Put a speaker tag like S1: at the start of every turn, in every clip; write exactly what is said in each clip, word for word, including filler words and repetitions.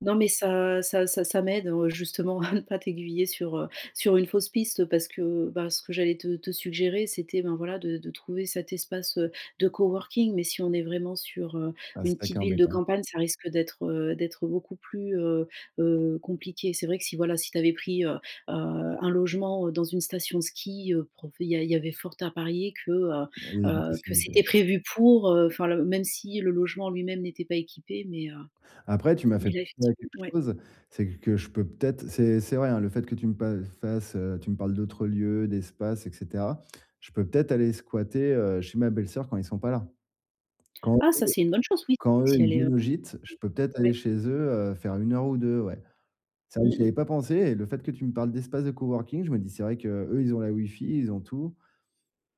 S1: Non mais, ça ça ça ça m'aide, heu, justement à ne pas t'aiguiller sur, heu, sur une fausse piste, parce que, bah, ce que j'allais te te suggérer, c'était, ben, voilà, de de trouver cet espace, heu, de coworking. Mais si on est vraiment sur, heu,
S2: Bah, c'est
S1: une
S2: ça qui
S1: petite
S2: est
S1: ville de
S2: embêtant.
S1: campagne, ça risque d'être, heu, d'être beaucoup, plus, heu heu, compliqué. C'est vrai que si, voilà, si tu avais pris, heu heu, un logement, heu, dans une station de ski, heu, profé il y a il y avait fort à parier que, heu
S2: Il y a une
S1: heu, que
S2: possibilité, ouais.
S1: c'était prévu pour, heu, enfin le même si le logement en lui-même n'était pas équipé. Mais, heu,
S2: Après, tu m'as fait
S1: mais là,
S2: penser à
S1: effectivem
S2: quelque
S1: ouais.
S2: chose, c'est q que je peux peut-être c'est c'est vrai, hein, le fait que tu me pa fasses, heu, tu me parles d'autres lieux, d'espace et cetera, je peux peut-être aller squatter, heu, chez ma belle-sœur quand ils sont pas là. Quand
S1: Ah
S2: eux
S1: ça, c'est une bonne chose oui.
S2: quand eux,
S1: Si
S2: ils
S1: elle est, heu,
S2: viennent au gîte, je peux peut-être aller
S1: ouais.
S2: chez eux, heu, faire une heure ou deux, ouais. C'est vrai
S1: Mmh
S2: que j'y
S1: mh.
S2: avais pas pensé et le fait que tu me parles d'espace de coworking, je me dis: «C'est vrai qu'eux, ils ont la Wi-Fi, ils ont tout».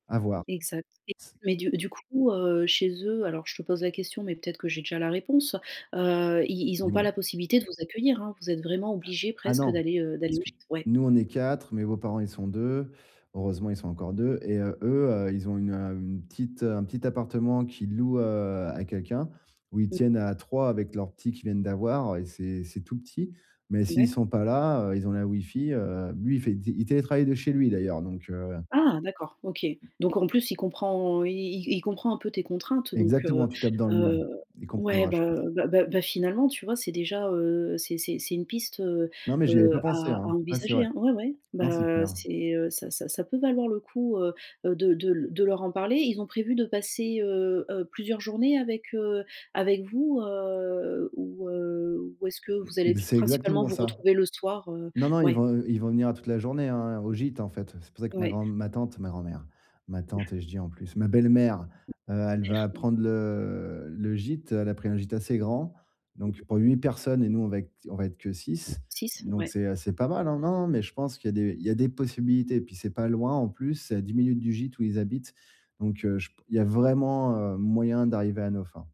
S2: À voir.
S1: Exact et
S2: C
S1: mais du du coup, heu, chez eux, alors je te pose la question, mais peut-être que j'ai déjà la réponse, heu, ils ils ont
S2: Dis
S1: pas
S2: moi.
S1: la possibilité de vous accueillir, hein, vous êtes vraiment obligés
S2: Ah
S1: presque
S2: non!
S1: d'aller, heu, d'aller
S2: Parce
S1: au
S2: que
S1: gîte? Ouais.
S2: nous, on est quatre, mes beaux-parents, ils sont deux. Heureusement, ils sont encore deux et heu, eux, heu, ils ont une, hem, une petite, heu, un petit appartement qu'ils louent, heu, à quelqu'un, où ils
S1: Mmh.
S2: tiennent à trois avec leur petit qu'ils viennent d'avoir, heu, et c'est c'est tout petit. Mais s'ils
S1: D'accord.
S2: sont pas là, heu, ils ont la Wi-Fi, heu, lui, il fait, di il télétravaille de chez lui d'ailleurs, donc, heu
S1: Ah, d'accord, OK. Donc en plus, il comprend il il c il comprend un peu tes contraintes. Donc,
S2: Exactement,
S1: heu
S2: tu tapes dans le mille.
S1: heu,
S2: Il
S1: ouais.
S2: comprendra je pense.
S1: Bah bah bah bah, finalement, tu vois, c'est déjà, heu, c'est c'est c'est une piste, heu
S2: Non, mais j'y avais
S1: heu,
S2: pas pensé
S1: à à
S2: hein. Ouais, c'est
S1: envisager,
S2: vrai.
S1: hein. Ouais, ouais,
S2: Non, c'est
S1: bah,
S2: clair.
S1: c'est, heu, ça ça ça peut valoir le coup, heu heu, de de l de leur en parler. Ils ont prévu de passer, heu heu, plusieurs journées avec, heu, avec vous, heu, ou, heu, ou est-ce que vous allez
S2: Ex
S1: p
S2: c'est
S1: principalement
S2: exactement
S1: vous
S2: ça.
S1: retrouver le soir? Heu,
S2: Non, non, ils
S1: ouais.
S2: vont, heu, ils vont venir à toute la journée hein, au gîte, en fait, heu, c'est pour ça que ma
S1: Ouais.
S2: grand-m ma tante, ma grand-mère, ma tante et je dis en plus, ma belle-mère, heu, elle va
S1: Clair? Oui.
S2: prendre le le gîte. Elle a pris un gîte assez grand,
S1: Mmh
S2: donc
S1: mh.
S2: pour huit personnes et nous, on va ec on va être que six.
S1: six?
S2: Donc,
S1: Ouais.
S2: c'est, heu, c'est pas mal, hein, non, non, mais je pense qu'il y a des il y a des possibilités et puis, c'est pas loin en plus, c'est à dix minutes du gîte où ils habitent. Donc, heu, je p il y a vraiment, heu, moyen d'arriver à nos fins.